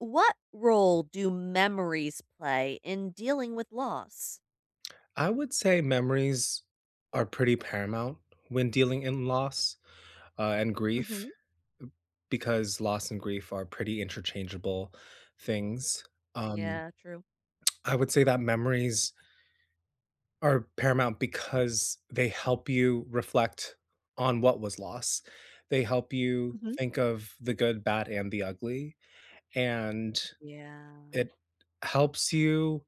What role do memories play in dealing with loss? I would say memories are pretty paramount when dealing in loss, uh, and grief, m Mhm. because loss and grief are pretty interchangeable things. Um, Yeah, true. I would say that memories are paramount because they help you reflect on what was lost, they help you Mhm. think of the good, bad, and the ugly, and Yeah. it helps you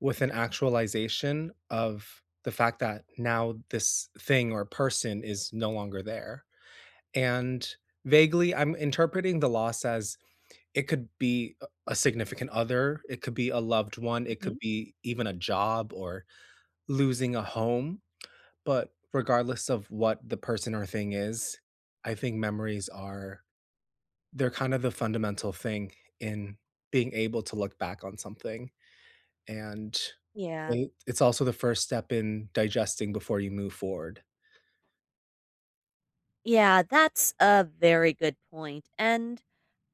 with an actualization of the fact that now this thing or person is no longer there. And vaguely, I'm interpreting the loss as it could be a a significant other, it could be a loved one, it could Mhm. be even a job or losing a home. But regardless of what the person or thing is, I think memories are they're kind of the fundamental thing in being able to look back on something. And Yeah. i it's also the first step in digesting before you move forward. Yeah. That's a very good point, and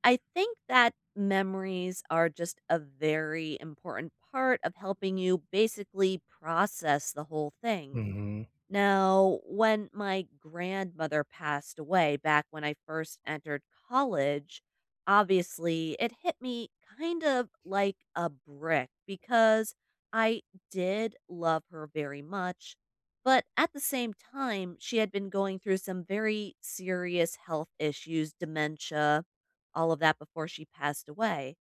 I think that memories are just a very important part of helping you basically process the whole thing. Mhm. Now, when my grandmother passed away back when I first entered college, obviously, it hit me, kind of, like, a brick because I did love her very much, but at the same time, she had been going through some very serious health issues, dementia, all of that before she passed away,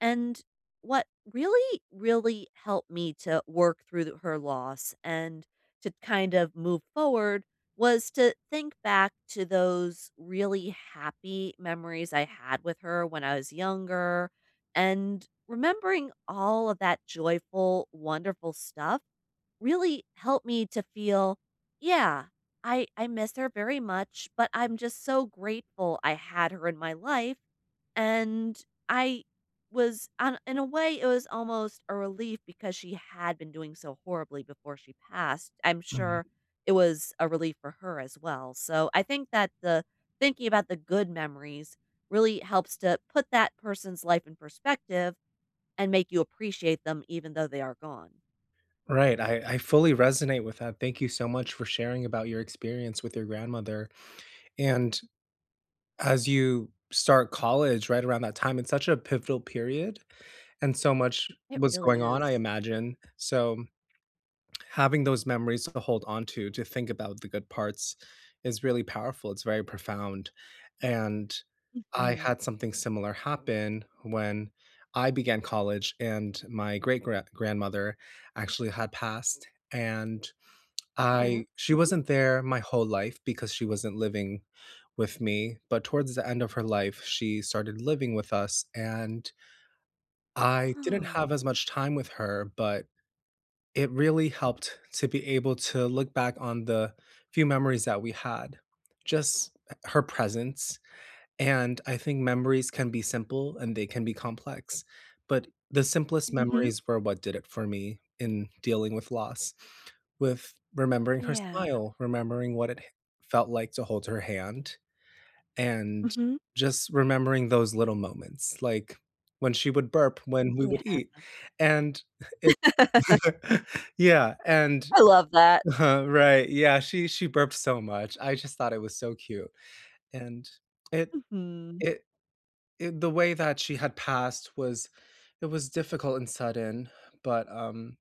and what really, really helped me to work through her loss and to, kind of, move forward was to think back to those really happy memories I had with her when I was younger and remembering all of that joyful, wonderful stuff really helped me to feel Yeah, I I miss her very much but I'm just so grateful I had her in my life and I was an in a way, it was almost a relief because she had been doing so horribly before she passed. I'm sure Right. it was a relief for her as well, so, I think that the thinking about the good memories really helps to put that person's life in perspective and make you appreciate them even though they are gone. Right. I I fully resonate with that. Thank you so much for sharing about your experience with your grandmother, and as you start college right around that time, it's such a pivotal period, and so much It was really going on, I is. imagine, so, having those memories to hold on to, to think about the good parts is really powerful, it's very profound, and I Mhm. had something similar happen when I began college and my great gra grandmother actually had passed, and I Oh. she Mhm. wasn't there my whole life because she wasn't living with me, but towards the end of her life, she started living with us and I didn't Oh. have as much time with her, but it really helped to be able to look back on the few memories that we had, just h her presence, and I think memories can be simple and they can be complex, but the simplest Mhm. memories were what did it for me in dealing with loss, with remembering her Yeah. smile, remembering what it felt, like, to hold her hand, and Mhm. just remembering those little moments, like when she would burp, when we would eat, Yeah. and it Yeah, and, I love that. huh, right. Yeah, she she burped so much, I just thought it was so cute, and it Mhm. it it the way that she had passed was it was difficult and sudden, but, um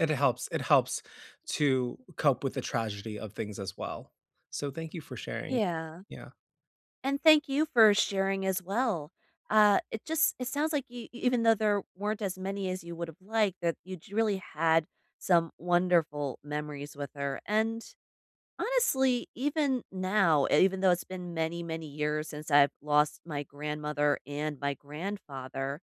it helps it helps to u cope with the tragedy of things as well, so thank you for sharing. Yeah, Yeah. and thank you for sharing as well. Uh, it just it sounds like you e even though there weren't as many as you would have liked, that you'd really had some wonderful memories with her, and honestly, even now, even though it's been many, many years since I've lost my grandmother and my grandfather,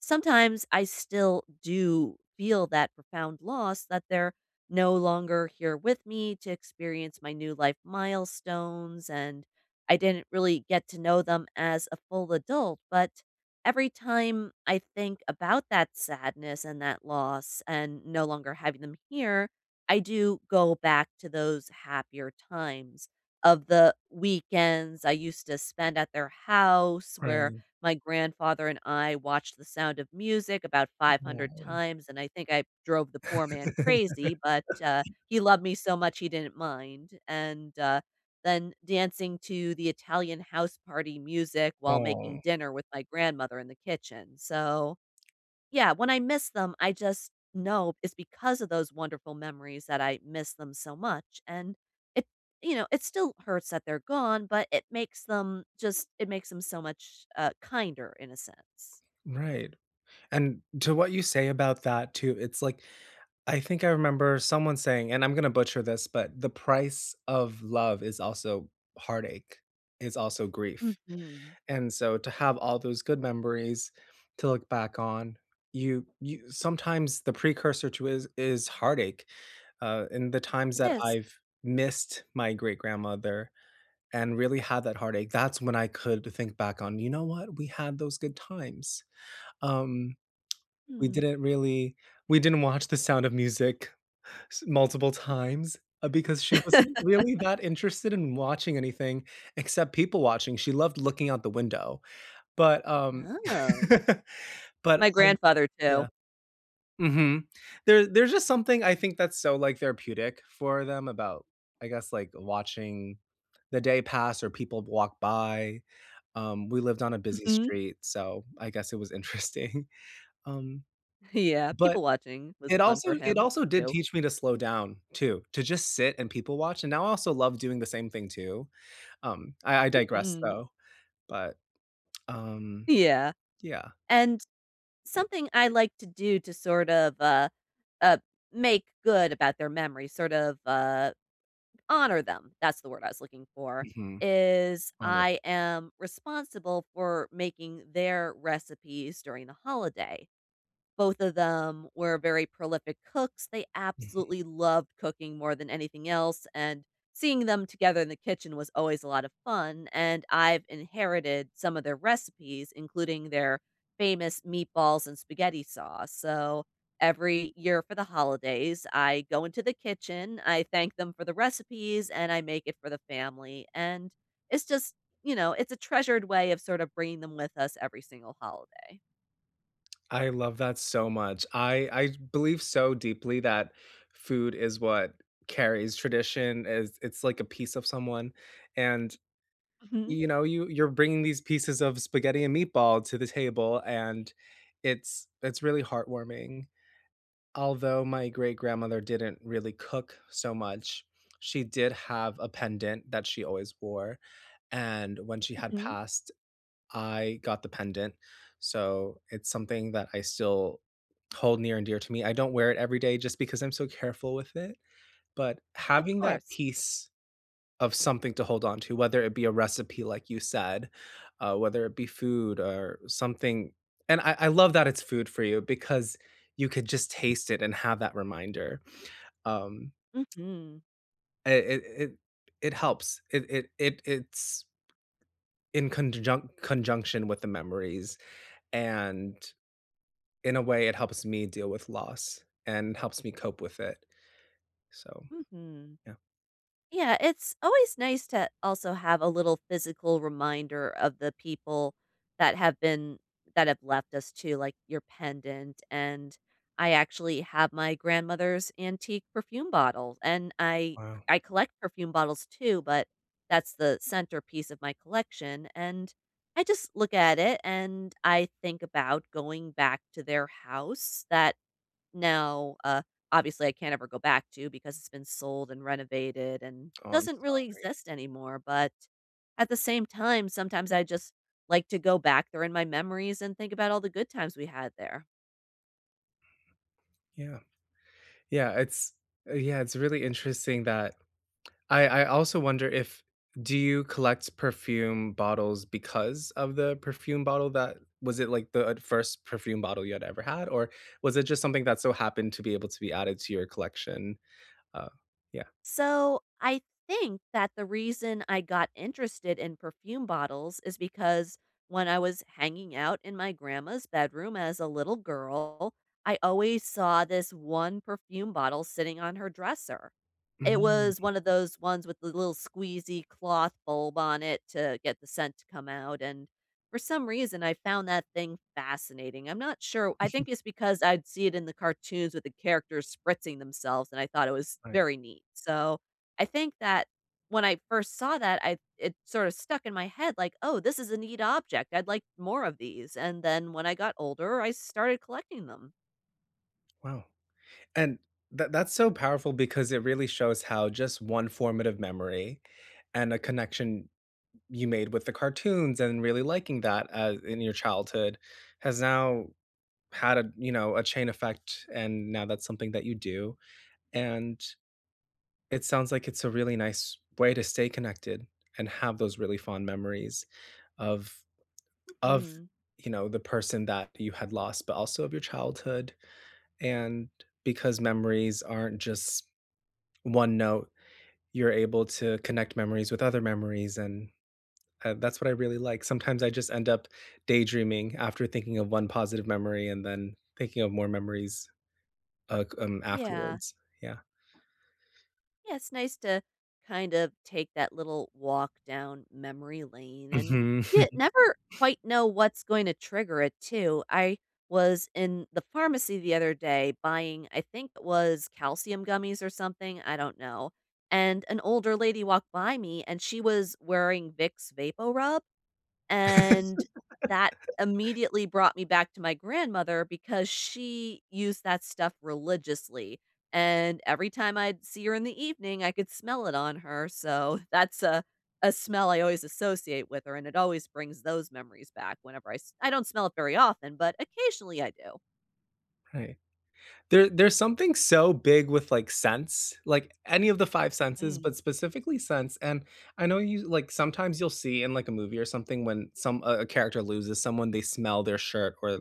sometimes I still do feel that profound loss that they're no longer here with me to experience my new life milestones and I didn't really get to know them as a full adult, but every time I think about that sadness and that loss and no longer having them here, I do go back to those happier times, of the weekends I used to spend at their house where Right. my grandfather and I watched The Sound of Music about 500 [unintelligible] times and I think I drove the poor man crazy, but, uh, he loved me so much he didn't mind and, uh, then dancing to the Italian house party music while making Oh. dinner with my grandmother in the kitchen, so, yeah, when I miss them, I just know it's because of those wonderful memories that I miss them so much and it, you know, it still hurts that they're gone, but it makes them just it makes them so much, uh, kinder in a sense. Right, and to what you say about that too, it's like, I think I remember someone saying, and I'm gonna butcher this, but "The price of love is also heartache, is also grief." Mhm. And so, to have all those good memories to look back on, you you sometimes the precursor to is is heartache, uh, in the times It that is. I've missed my great grandmother and really had that heartache, that's when I could think back on, "You know what? We had those good times." Um, we Mm. didn't really we didn't watch The Sound of Music multiple times because she wasn't really that interested in watching anything except people watching, she loved looking out the window, but, um, Oh. but, My I grandfather too. Yeah. Mhm. There there's just something I think that's so, like, therapeutic for them about, I guess, like, watching the day pass or people walk by, um, we lived on a busy Mhm. street, so I guess it was interesting, um, Yeah, but people watching was it fun also for it him also did too. teach me to slow down too, to just sit and people watch, and now I also love doing the same thing too, um, I I digress, Mhm. though, but, um, Yeah, yeah. and Yep. something I like to do to sort of, uh uh, make good about their memory, sort of, uh, honor them, that's the word I was looking for, Yeah. is Oh. I am responsible for making their recipes during the holiday. Both of them were very prolific cooks, they Mhm. absolutely loved cooking more than anything else and seeing them together in the kitchen was always a lot of fun and I've inherited some of their recipes including their famous meatballs and spaghetti sauce, so every year for the holidays, I go into the kitchen, I thank them for the recipes and I make it for the family, and it's just, you know, it's a treasured way of, sort of, bringing them with us every single holiday. I love that so much. I I believe so deeply that food is what carries tradition, as it's like a piece of someone, and, Mhm. you know, you you're bringing these pieces of spaghetti and meatball to the table, and it's it's really heartwarming. Although my great grandmother didn't really cook so much, she did have a pendant that she always wore, and when she had Mhm. passed, I got the pendant. So, it's something that I still hold near and dear to me. I don't wear it every day, just because I'm so careful with it, but Of having that course. piece of something to hold on to, whether it be a recipe, like you said, uh, whether it be food or something and I I love that it's food for you, because you could just taste it and have that reminder. Um Mhm. It it it it helps. It it it it's in conjun conjunction with the memories, and, in a way it helps me deal with loss, and helps me cope with it. So, Mhm. yeah. Yeah, it's always nice to also have a little physical reminder of the people that have been that have left us too, like your pendant, and I actually have my grandmother's antique perfume bottle, and I Wow. I collect perfume bottles too, but that's the centerpiece of my collection, and I just look at it and I think about going back to their house that now, uh, obviously, I can't ever go back to because it's been sold and renovated and Oh, I'm doesn't sorry. really exist anymore, but at the same time, sometimes I just like to go back there in my memories and think about all the good times we had there. Yeah. Yeah, it's uh, yeah, it's really interesting that I I also wonder if do you collect perfume bottles because of the perfume bottle that was it, like, the 1st perfume bottle you had ever had, or was it just something that so happened to be able to be added to your collection? Um yeah. So, I think that the reason I got interested in perfume bottles is because when I was hanging out in my grandma's bedroom as a little girl, I always saw this 1 perfume bottle sitting on her dresser. It Mm. was one of those ones with the little squeezy cloth bulb on it to get the scent to come out, and for some reason, I found that thing fascinating. I'm not sure I Sh think it's because I'd see it in the cartoons with the characters spritzing themselves and I thought it was Right. very neat. So, I think that when I first saw that, I it sort of stuck in my head like, "Oh, this is a neat object. I'd like more of these." And then when I got older, I started collecting them. Wow. And that that's so powerful because it really shows how just one formative memory and a connection you made with the cartoons and really liking that a in your childhood has now had a, you know, a chain effect, and now that's something that you do, and it sounds like it's a really nice way to stay connected and have those really fond memories of of, Mhm. you know, the person that you had lost, but also of your childhood, and because memories aren't just one note, you're able to connect memories with other memories, and, uh, that's what I really like. Sometimes I just end up daydreaming after thinking of one positive memory and then thinking of more memories, uh, c um, Yeah. afterwards. Yeah. Yeah, it's nice to kind of take that little walk down memory lane and Mhm. you never quite know what's going to trigger it too. I was in the pharmacy the other day buying, I think it was calcium gummies or something, I don't know, and an older lady walked by me and she was wearing Vicks VapoRub and that immediately brought me back to my grandmother because she used that stuff religiously and every time I'd see her in the evening, I could smell it on her, so, that's a a smell I always associate with her and it always brings those memories back whenever I s I don't smell it very often, but occasionally I do. Right. There there's something so big with, like, scents, like, any of the 5 senses, Mhm. but specifically scents, and I know you like, sometimes you'll see in, like, a movie or something when some, uh a character loses someone, they smell their shirt or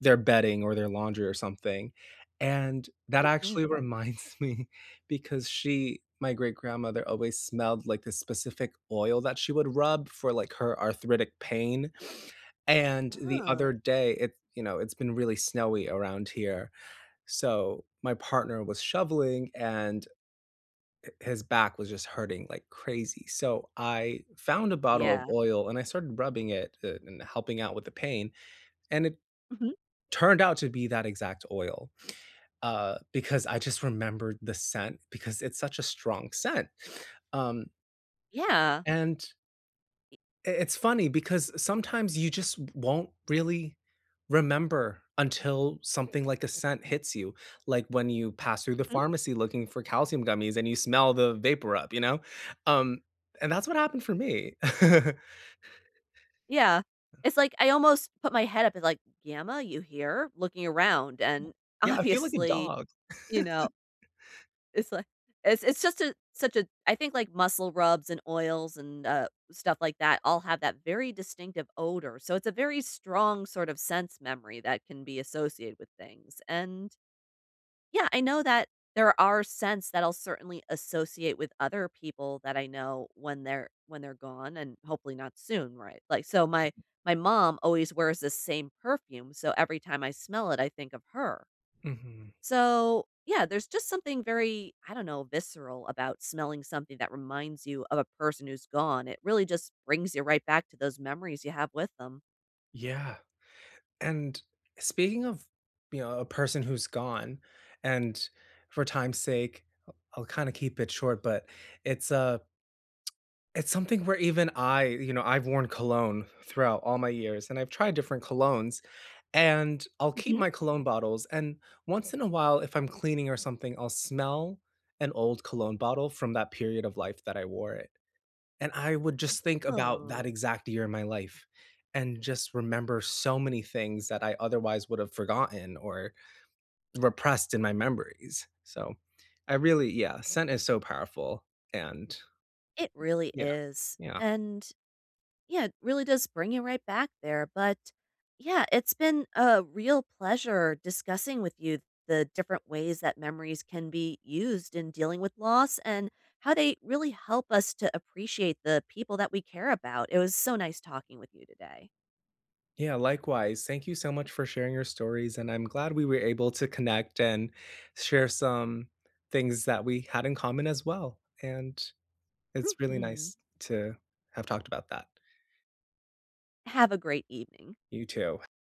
their bedding or their laundry or something, and that actually Mhm. reminds me because she my great grandmother always smelled, like, this specific oil that she would rub for, like, her arthritic pain, and the other Oh. day, it you know, it's been really snowy around here. So my partner was shoveling, and hi his back was just hurting like crazy. So I found a bottle of Yeah. oil, and I started rubbing it, eh and helping out with the pain, and it Mhm. turned out to be that exact oil, uh, because I just remembered the scent because it's such a strong scent. Um Yeah. and E i it's funny because sometimes you just w won't really remember until something like a scent hits you, like, when you pass through the Mhm. pharmacy looking for calcium gummies and you smell the vapor rub, you know? Um, and that's what happened for me. Yeah. It's like I almost put my head up, and like, "Gamma, you hear?" looking around, and, Yeah, I feel like a obviously, dog. you know it's li it's it's just a such a I think like muscle rubs and oils and, uh, stuff like that all have that very distinctive odor. So it's a very strong sort of sense memory that can be associated with things, and yeah, I know that there are scents that I'll certainly associate with other people that I know when they're when they're gone and hopefully not soon, right? Like, so my my mom always wears the same perfume, so every time I smell it, I think of her. Mhm. So, yeah, there's just something very, I don't know, visceral about smelling something that reminds you of a person who's gone. It really just brings you right back to those memories you have with them. Yeah. And speaking of, you know, a person who's gone, and for time's sake, I I'll kinda keep it short, but it's, uh, it's something where even I you know, I've worn cologne throughout all my years, and I've tried different colognes, and I'll keep Mhm. my cologne bottles, and once in a while, if I'm cleaning or something, I'll smell an old cologne bottle from that period of life that I wore it. And I would just think about Oh. that exact year in my life and just remember so many things that I otherwise would have forgotten or repressed in my memories. So, I really yeah, scent is so powerful and It really Yeah. is. Yeah. And, yeah, it really does bring you right back there. But, yeah, it's been a real pleasure discussing with you the different ways that memories can be used in dealing with loss and how they really help us to appreciate the people that we care about, it was so nice talking with you today. Yeah, likewise. Thank you so much for sharing your stories, and I'm glad we were able to connect and share some things that we had in common as well, and it's really Mhm. nice to have talked about that. Have a great evening. You too.